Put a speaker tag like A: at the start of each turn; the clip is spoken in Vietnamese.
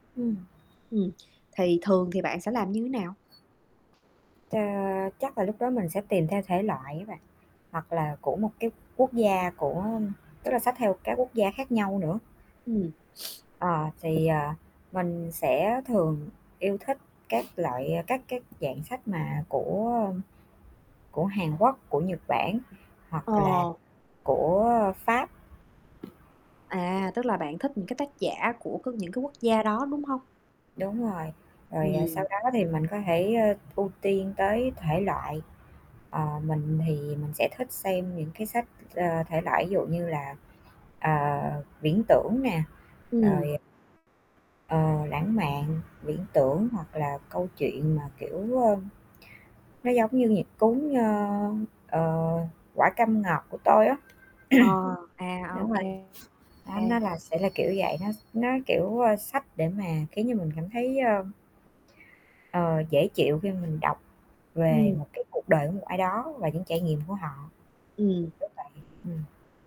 A: Ừm.
B: Ừm, thì thường thì bạn sẽ làm như nào?
A: À, chắc là lúc đó mình sẽ tìm theo thể loại á bạn, hoặc là của một cái quốc gia, của tức là sách theo các quốc gia khác nhau nữa.
B: Ừm.
A: Ờ, thì, à, mình sẽ thường yêu thích các loại à, các cái dạng sách mà của của Hàn Quốc, của Nhật Bản hoặc là
B: Ờ.
A: của Pháp.
B: À, tức là bạn thích những cái tác giả của c những cái quốc gia đó, đúng hông?
A: Đúng rồi, rồi, à,
B: Ừm.
A: sau đó thì mình có thể, ơ, ưu tiên tới thể loại, ờ, mình thì mình sẽ thích xem những cái sách, ờ, thể loại dụ như là, ờ, viễn tưởng nè,
B: Ừm.
A: rồi, à ờ, lãng mạn, viễn tưởng hoặc là câu chuyện mà, kiểu, ơ, nó giống như nhịp cuốn, ơ, ờ, Quả Cam Ngọt Của Tôi á.
B: Ờ. À, ô
A: Đúng rồi,
B: kê.
A: đó, nó
B: [unintelligible]
A: là sẽ là kiểu vậy, nó s nó, kiểu, ơ, sách để mà kiểu như, mình cảm thấy, ơ ờ, dễ chịu khi mình đọc về
B: Ừm.
A: một cái cuộc đời của một ai đó và những trải nghiệm của họ.
B: Ừm.
A: Kiểu vậy. Ừm.